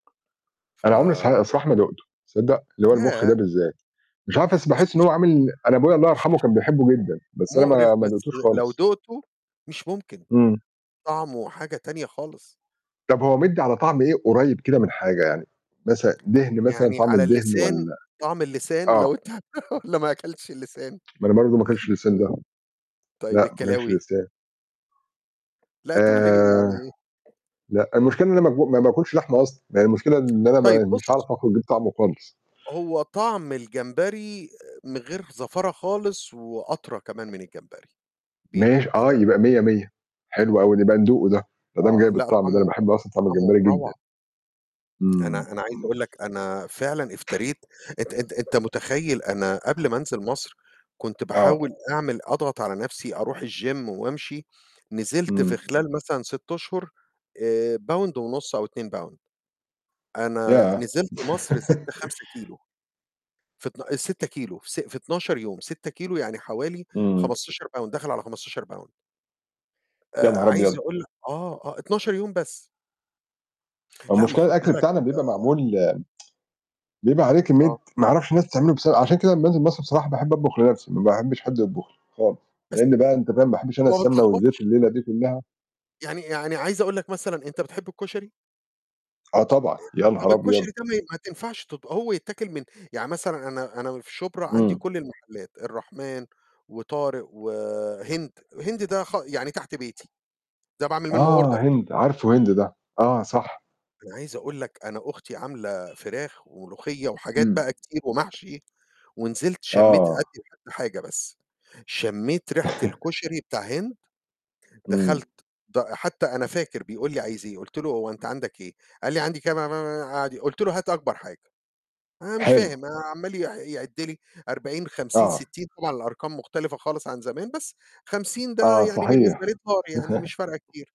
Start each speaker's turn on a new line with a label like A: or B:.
A: ف
B: أنا عمرى صح الصراحة ما دُقته. تصدق؟ اللي هو المُخ ده
A: ياه!
B: بالذات. مش عارف، بس
A: بُص
B: باحس إن هو عامل أنا أبويا الله يرحمه كان بيحبه
A: [unintelligible]
B: جدًا، بس أنا
A: مُقرِف،
B: ما ما
A: بس
B: دُقتوش
A: لو
B: خالص.
A: دُقته مش ممكن،
B: إمم.
A: طعمه حاجة تانية خالص.
B: طَب هو مِدِّي على طعم إيه قريّب كده من حاجة يعني؟ مثلًا دِهْن مثلًا،
A: يعني
B: طعم
A: على
B: الدِهْن
A: اللسان
B: والّا
A: طعم اللسان
B: آه.
A: لو أنت والّا ما أكلتش اللسان؟
B: ما أنا برضه ما كلتش اللسان ده.
A: تمام. طيب
B: لأ، ما كلتش
A: الكلاوي؟
B: اللسان.
A: لأ، طَب الج
B: آآ
A: يعني
B: لأ، المشكلة إن أنا ما ب ما باكلش لحمة أصلًا. ما هي المشكلة إن أنا
A: طيب
B: ما مش
A: بُص
B: هاعرف آخد [unintelligible] طعمه خالص.
A: هو طعم الجمبري من غير زفارة خالص وأطرى كمان من الجمبري، بيدوب
B: ماشي، آه،
A: كده.
B: يبقى مِيَّة، مِيَّة.
A: إمم.
B: حلو أوي، نبقى ندوقه ده. ما دام
A: آه.
B: جايب
A: لأ،
B: الطعم ده، أنا
A: طعمه
B: باحب أصلًا طعم الجمبرى
A: طعمه
B: جدًا.
A: روعة.
B: إمم، إمم.
A: أنا أنا عايز أقول لك أنا فعلًا افتريت أنت أنت أنت مُتخيّل أنا قبل ما أنزل مصر كنت
B: آه.
A: باحاول أعمل أضغط على نَفْسي أروح الgym وأمشي. نزلت في
B: إمم.
A: خلال مثلًا 6 أشهر، آآ باوند ونُص أو 2 باوند. أنا
B: ياه!
A: نزلت مصر زِدت 5 كيلو. في اتنا ال6 كيلو في س في 12 يوم، 6 كيلو يعني حوالي
B: إمم.
A: 15 باوند، داخل على 15 باوند.
B: يا
A: آآ
B: نهار
A: عايز
B: أبيض!
A: أقول لك آه، آه 12 يوم بس.
B: ما هو
A: لأ ما
B: المشكلة
A: خُد
B: الأكل
A: بالك
B: بتاعنا بيبقى معمول بيبقى عليه
A: آه.
B: كمّية ما أعرفش الناس بتعمله بس عشان كده لمّا أنزل مصر بصراحة باحب أطبخ لنَفْسي، ما
A: [unintelligible]
B: باحبّش حد يطبُخ لي خالص.
A: بس
B: لإن بقى أنت فاهم، ما أحبّش أنا
A: وما
B: السمنة والزيت
A: بتلخبطش.
B: الليلة دي كُلّها.
A: يعني يعني عايز أقول لك مثلًا، أنت بتحب الكشري؟
B: آه طبعًا.
A: آآ
B: يا
A: طَب
B: نهار
A: الكشري
B: أبيض!
A: ده ما ما تنفعش تب هو يتاكل من يعني مثلًا أنا أنا في شُبرا عندي
B: إمم.
A: كل المحلات، الرحمن وطارق وهند، هند ده خ يعني تحت بيتي. ده باعمل منّه
B: آه،
A: order.
B: هند، عارفه هند ده. آه، صح.
A: أنا عايز أقول لك أنا أختي عاملة فراخ وملوخية وحاجات
B: إمم.
A: بقى كتير ومحشي ونزلت شَمّيت
B: آه.
A: أدّي لحد حاجة بس. شَمّيت ريحة الكشري بتاع هند،
B: إمم.
A: دخلت ده حتّى أنا فاكر بيقول لي: "عايز إيه؟" قُلت له: "هو أنت عندك إيه؟" قال لي عندي [unintelligible] قعد قُلت له "هات أكبر حاجة." أنا مش
B: حلو.
A: فاهم، عَمّال ي يعِد لي 40، 50،
B: آه.
A: 60، طبعًا الأرقام مختلفة خالص عن زمان، بس 50 ده
B: آه،
A: يعني
B: صحيح.
A: بالنسبة لي دولار يعني مش فارقة كتير.